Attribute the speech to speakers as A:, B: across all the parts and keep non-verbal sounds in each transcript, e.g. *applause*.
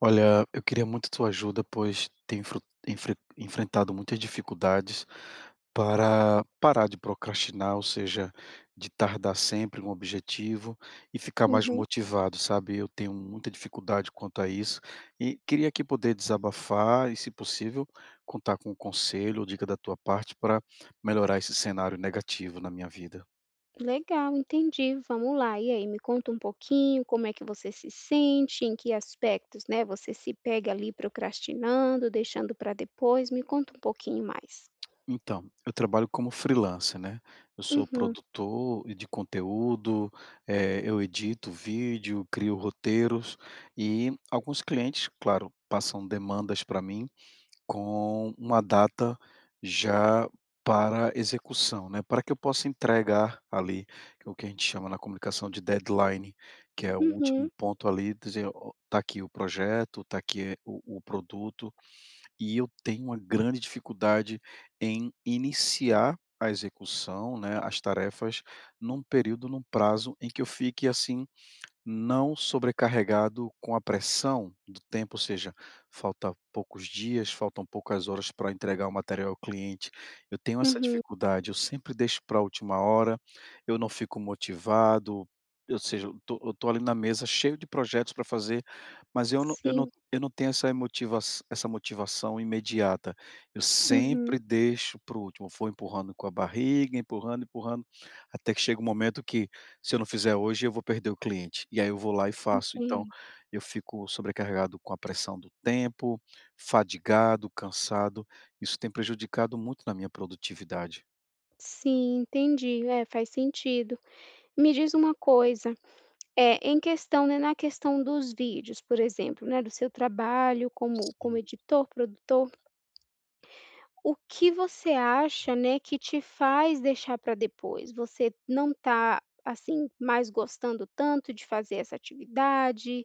A: Olha, eu queria muito a tua ajuda, pois tenho, en enfren enfrentado muitas dificuldades para parar de procrastinar. Ou seja, de tardar sempre um objetivo, e ficar mais
B: Uhum.
A: motivado, sabe. Eu tenho muita dificuldade quanto a isso, e queria aqui poder desabafar e, se possível, contar com o conselho ou dica da tua parte para melhorar esse cenário negativo na minha vida.
B: Legal, entendi. Vamos lá! E aí, me conta um pouquinho como é que você se sente. Em que aspectos, né, você se pega ali procrastinando, deixando para depois, me conta um pouquinho mais.
A: Então, eu trabalho como freelancer, né. Eu sou
B: Uhum.
A: produtor de conteúdo, eh, eu edito vídeo, crio roteiros, e alguns clientes, claro, passam demandas para mim, com uma data já para execução, né. Para que eu possa entregar ali o que a gente chama na comunicação de deadline que é o último
B: Uhum.
A: ponto ali dize o, está aqui o projeto, está aqui o o produto, e eu tenho uma grande dificuldade em iniciar a execução, né. As tarefas, em um período, em um prazo em que eu fique assim, não sobrecarregado com a pressão do tempo, ou seja, falta poucos dias, faltam poucas horas para entregar o material ao cliente. Eu tenho essa
B: Uhum.
A: dificuldade, eu sempre deixo para última hora, eu não fico motivado. Ou seja, eu estou, eu estou ali na mesa cheio de projetos para fazer, mas eu não eu não
B: Sim.
A: eu não tenho essa motiva essa motivação imediata, eu sempre
B: Uhum.
A: deixo para o último, for empurrando com a barriga, empurrando, empurrando, até que chega um momento que, se eu não fizer hoje, eu vou perder o cliente, e aí eu vou lá e faço, então.
B: Entendo.
A: Eu fico sobrecarregado com a pressão do tempo, fadigado, cansado, isso tem prejudicado muito na minha produtividade.
B: Sim, entendi. É, faz sentido. Me diz uma coisa, eh, em questão, né na questão dos vídeos, por exemplo, né, do seu trabalho como como
A: Sim.
B: editor, produtor, o que você acha, né, que te faz deixar pra depois? Você não tá, assim, mais gostando tanto de fazer essa atividade?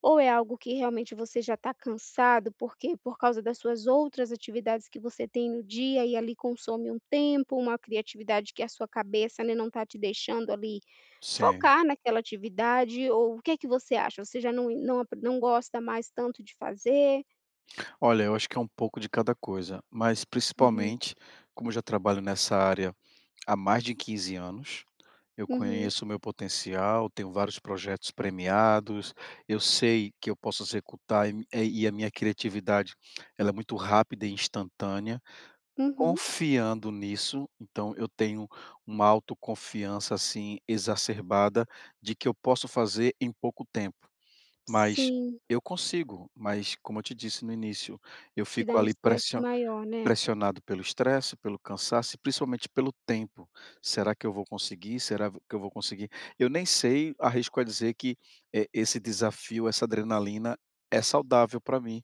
B: Ou é algo que realmente você já tá cansado porque por causa das suas outras atividades que você tem no dia e ali consome um tempo, uma criatividade que a sua cabeça, né, não tá te deixando ali
A: Sei.
B: focar naquela atividade? Ou o que que você acha? Você já não não ap não gosta mais tanto de fazer?
A: Olha, eu acho que é um pouco de cada coisa, mas,
B: Uhum.
A: principalmente, como eu já trabalho nessa área há mais de 15 anos, eu
B: Uhum.
A: conheço o meu potencial, tenho vários projetos premiados, eu sei que eu posso executar, e e a minha criatividade, ela é muito rápida e instantânea.
B: Uhum.
A: Confiando nisso, então eu tenho uma autoconfiança, assim, exacerbada de que eu posso fazer em pouco tempo, mas
B: Sim.
A: eu consigo. Mas, como eu te disse no início, eu
B: Te
A: fico
B: dá um
A: ali
B: estresse
A: pressio
B: maior, né.
A: pressionado pelo estresse, pelo cansaço e principalmente pelo tempo. "Será que eu vou conseguir? Será v que eu vou conseguir?" Eu nem sei arrisco a dizer que, eh, esse desafio, essa adrenalina é saudável pra mim,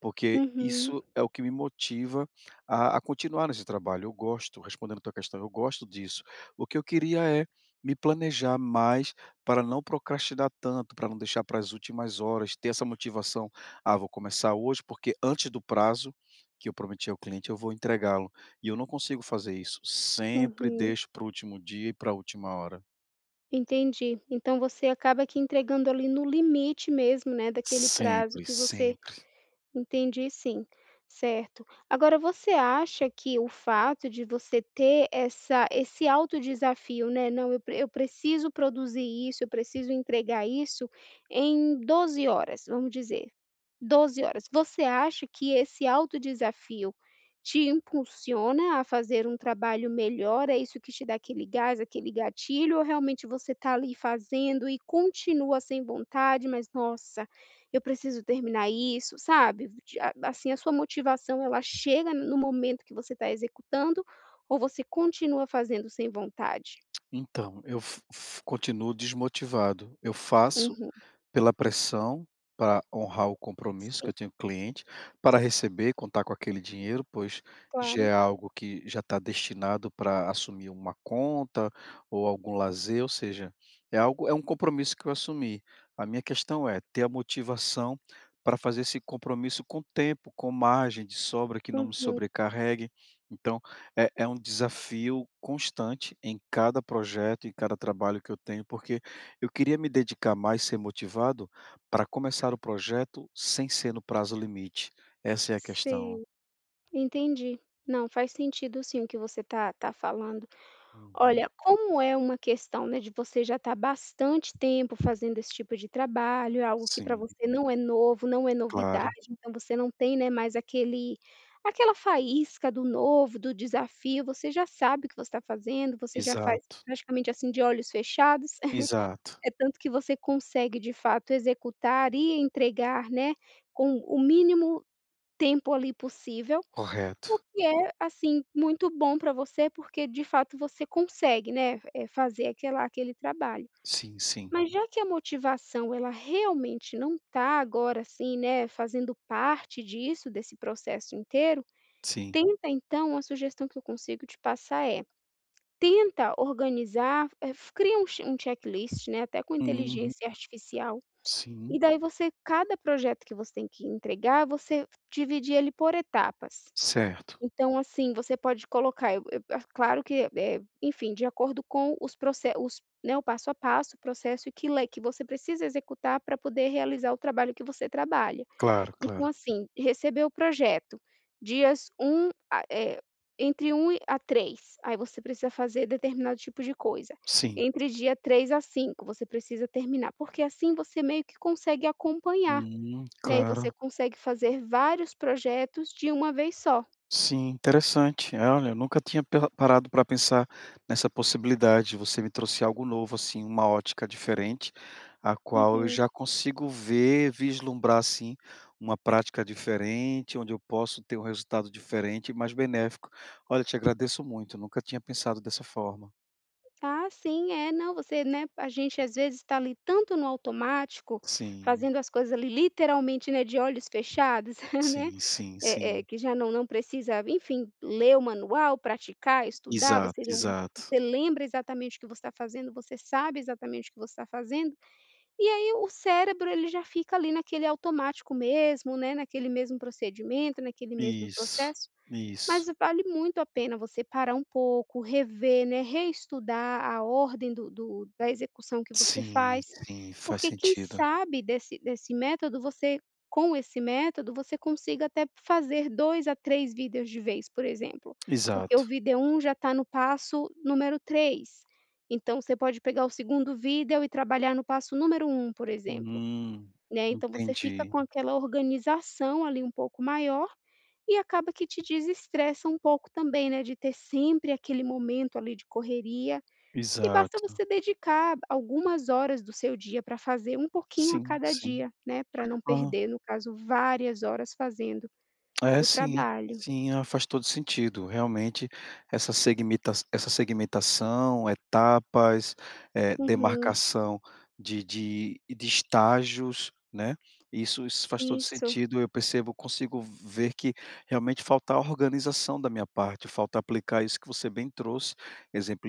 A: porque
B: Uhum.
A: isso é o que me motiva a a continuar nesse trabalho. Eu gosto, respondendo tua questão, eu gosto disso. O que eu queria é me planejar mais pra não procrastinar tanto, pra não deixar para as últimas horas, ter essa motivação: "Ah, vou começar hoje, porque antes do prazo que eu prometi ao cliente eu vou entregá-lo". E eu não consigo fazer isso, sempre
B: Uhum.
A: deixo para o último dia e pra última hora.
B: Entendi, então, você acaba que entregando ali, no limite mesmo, né daquele prazo
A: Sempre,
B: que você
A: sempre.
B: Entendi sim, certo. Agora você acha que o fato de você ter essa esse alto desafio, né: "Não, eu eu preciso produzir isso, eu preciso entregar isso em 12 horas". Vamos dizer, 12 horas. Você acha que esse auto desafio te impulsiona a fazer um trabalho melhor? É isso que te dá aquele gás? Aquele gatilho? Ou realmente você tá ali, fazendo e continua sem vontade: "Mas nossa! Eu preciso terminar isso". Sabe? Esse te a ba assim a sua motivação, ela chega no momento que você tá executando? Ou você continua fazendo sem vontade?
A: Então, eu fi fi continuo desmotivado, eu faço
B: Uhum.
A: pela pressão, pra honrar o compromisso que
B: Sim.
A: eu tenho cliente. Para receber, contar com aquele dinheiro, pois já
B: Claro.
A: é algo que já tá destinado pra assumir uma conta, ou algum lazer ou seja, é algo é um compromisso que eu assumi. A minha questão é ter a motivação pra fazer esse compromisso com tempo, com margem de sobra que não me
B: Uhum.
A: sobrecarregue, então, é é um desafio constante em cada projeto, em cada trabalho que eu tenho, porque eu queria me dedicar mais, ser motivado pra começar o projeto sem ser no prazo limite, essa é a questão.
B: Sim. Entendi. Não, faz sentido sim o que você tá tá falando.
A: Uhum.
B: Olha, como é uma questão, né, de você já tá bastante tempo fazendo esse tipo de trabalho. É algo que pra
A: Sim.
B: você não é novo, não é novidade.
A: Claro.
B: Então, você não tem, né, mais aquele aquela faísca do novo, do desafio. Você já sabe o que você tá fazendo, você já faz
A: Exato.
B: praticamente assim, de olhos fechados, *chuckles*
A: Exato.
B: é tanto que você consegue de fato executar e entregar, né, com o mínimo tempo ali, possível. O
A: Correto.
B: que é, assim, muito bom pra você porque de fato você consegue, né, eh, fazer aquela aquele trabalho.
A: Sim, sim.
B: Mas já que a motivação, ela realmente não tá agora, assim, né, fazendo parte disso, desse processo inteiro,
A: Sim.
B: tenta então uma sugestão que eu consigo te passar é, tenta organizar, eh, fa cria um che um checklist, né, até com
A: Uhum.
B: inteligência artificial,
A: Sim.
B: e daí você cada projeto que você tem que entregar você dividir ele por etapas.
A: Certo.
B: Então assim, você pode colocar, eh, o eu, ah, claro que, eh, enfim, de acordo com os proce os Né, o passo a passo, o processo e que le que você precisa executar pra poder realizar o trabalho que você trabalha.
A: Claro,
B: Então
A: claro.
B: assim, receber o projeto. Dias 1, ah, é, entre 1 e a 3. Aí você precisa fazer determinado tipo de coisa,
A: Sim.
B: entre dia 3 a 5 você precisa terminar. Porque assim, você meio que consegue acompanhar,
A: Né né.
B: né, e você
A: Claro.
B: consegue fazer vários projetos de uma vez só.
A: Sim, interessante, eh, olha, eu nunca tinha pela parado pra pensar nessa possibilidade, você me trouxe algo novo assim, uma ótica diferente, a qual eu
B: Uhum.
A: já consigo ver, vislumbrar assim, uma prática diferente, onde eu posso ter um resultado diferente e mais benéfico. Olha te agradeço muito, nunca tinha pensado dessa forma.
B: Ah, sim. É, não, você né, a gente, às vezes, está ali tanto no automático,
A: Sim.
B: fazendo as coisas ali literalmente, né, de olhos fechados, *chuckles* né,
A: Sim, sim,
B: eh eh,
A: sim.
B: que já não não precisa, enfim, ler o manual, praticar, estudar,
A: Exato,
B: você não
A: exato.
B: você lembra exatamente o que você está fazendo, você sabe exatamente o que você está fazendo, e aí o cérebro, ele já fica ali, naquele automático mesmo, né, naquele mesmo procedimento, naquele mesmo
A: Isso,
B: processo. Mas
A: isso.
B: vale muito a pena você parar um pouco, rever, né, reestudar a ordem do do da execução que você
A: Sim,
B: faz,
A: sim, faz
B: porque quem
A: sentido.
B: sabe, desse desse método você com esse método, você consiga até fazer 2 a 3 vídeos de vez, por exemplo, porque o
A: Exato.
B: vídeo 1 já está no passo número 3, então você pode pegar o 2º vídeo e trabalhar no passo número 1, por exemplo,
A: Hum.
B: né, então você fica
A: Entendi.
B: com aquela organização, ali, um pouco maior, e acaba que te desestressa um pouco também, né, de ter sempre aquele momento, ali, de correria, e basta
A: Exato.
B: você dedicar algumas horas do seu dia para fazer um pouquinho a
A: Sim,
B: cada
A: sim.
B: dia, né, para não
A: Ah.
B: perder, no caso, várias horas fazendo
A: É,
B: o
A: sim,
B: trabalho.
A: sim. Ah, faz todo sentido, realmente essa segmita essa segmentação, etapas, eh,
B: Uhum.
A: demarcação de de de estágios, né, isso isso faz todo
B: Isso.
A: sentido, eu percebo eu consigo ver que, realmente, falta organização da minha parte, falta aplicar isso que você bem trouxe,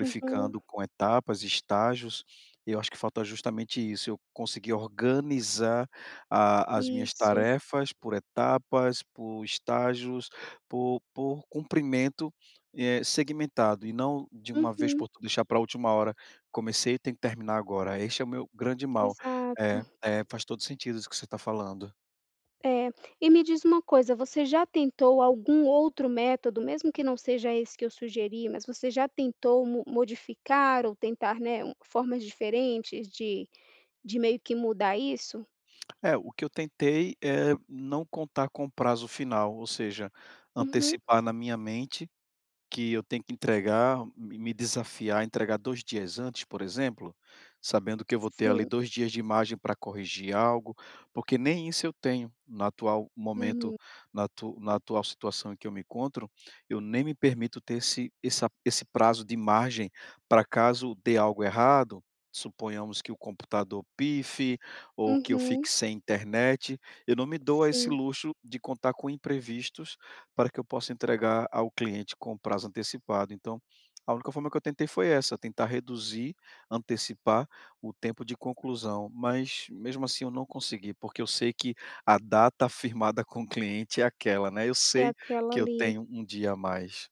B: Uhum.
A: com etapas, estágios, e eu acho que falta justamente isso, eu conseguir organizar a as minhas
B: Isso.
A: tarefas por etapas, por estágios, por por cumprimento, eh, segmentado e não de uma vez
B: Uhum.
A: por t deixar para última hora. Comecei, tenho que terminar agora, este é o meu grande mal. É,
B: Exato.
A: é, faz todo sentido isso que você está falando.
B: É. E me diz uma coisa, você já tentou algum outro método? Mesmo que não seja esse que eu sugeri, mas você já tentou mo modificar ou tentar, né, um formas diferentes de de meio que mudar isso?
A: É, o que eu tentei é não contar com prazo final, ou seja,
B: Uhum.
A: antecipar na minha mente que eu tenho que entregar me me desafiar, entregar 2 dias antes, por exemplo, sabendo que eu vou ter ali
B: Sim.
A: 2 dias de margem para corrigir algo, porque nem isso eu tenho, no atual momento,
B: Uhum.
A: na atu na atual situação em que eu me encontro, eu nem me permito ter esse essa esse prazo de margem para caso dê algo errado, suponhamos que o computador pife, ou que eu fique
B: Uhum.
A: sem internet, eu não me dou a esse
B: Sim.
A: luxo de contar com imprevistos para que eu possa entregar ao cliente com prazo antecipado. Então, a única forma que eu tentei foi essa, tentar reduzir, antecipar o tempo de conclusão, mas mesmo, assim, eu não consegui. Porque eu sei que a data firmada com o cliente é aquela, né, eu
B: É
A: sei
B: aquela
A: que eu
B: ali.
A: tenho 1 dia a mais.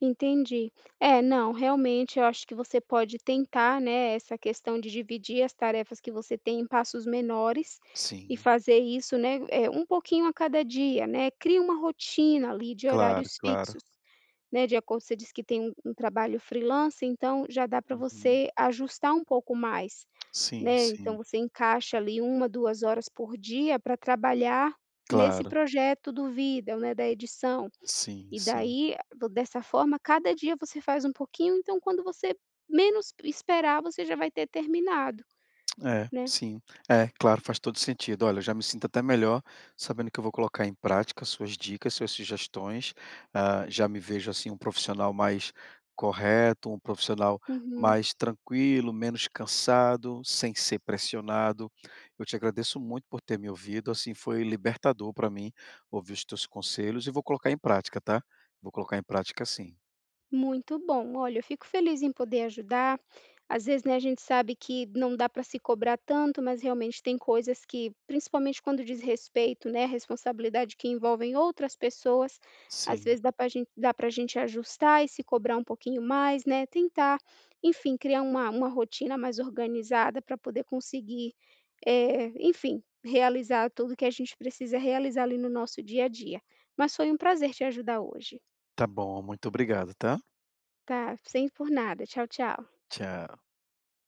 B: Entendi. É, não, realmente eu acho que você pode tentar, né, essa questão de dividir as tarefas que você tem em passos menores. E
A: Sim.
B: fazer isso, né, eh, um pouquinho a cada dia, né, crie uma rotina ali de
A: Claro,
B: horários fixos,
A: claro.
B: né, de acordo você disse que tem um um trabalho freelancer. Então, já dá para
A: Uhum.
B: você ajustar um pouco mais,
A: Sim,
B: né, então
A: sim.
B: você encaixa ali 1, 2 horas por dia pra trabalhar nesse
A: Claro.
B: projeto do vídeo, né, da edição.
A: Sim
B: E
A: sim.
B: daí dessa forma, cada dia você faz um pouquinho, então, quando você menos esperar, você já vai ter terminado,
A: É,
B: né.
A: sim. É, claro, faz todo sentido. Olha, eu já me sinto até melhor sabendo que eu vou colocar em prática as suas dicas, suas sugestões, ah, já me vejo, assim, um profissional mais correto, um profissional
B: Uhum.
A: mais tranquilo, menos cansado, sem ser pressionado. Eu te agradeço muito por ter me ouvido, assim, foi libertador pra mim ouvir os teus conselhos e vou colocar em prática, tá. Vou colocar em prática, sim.
B: Muito bom, olha, eu fico feliz em poder ajudar. Às vezes, né, a gente sabe que não dá para se cobrar tanto, mas realmente tem coisas que, principalmente quando diz respeito, né, à responsabilidade que envolvem outras pessoas, às
A: Sim.
B: vezes, dá para gente dá para gente ajustar e se cobrar um pouquinho mais, né. Tentar, enfim, criar uma uma rotina mais organizada para poder conseguir, eh, enfim, realizar tudo que a gente precisa realizar ali no nosso dia a dia. Mas foi um prazer te ajudar hoje.
A: Tá bom, muito obrigado, tá.
B: Tá, sem por nada. Tchau, tchau.
A: Tchau.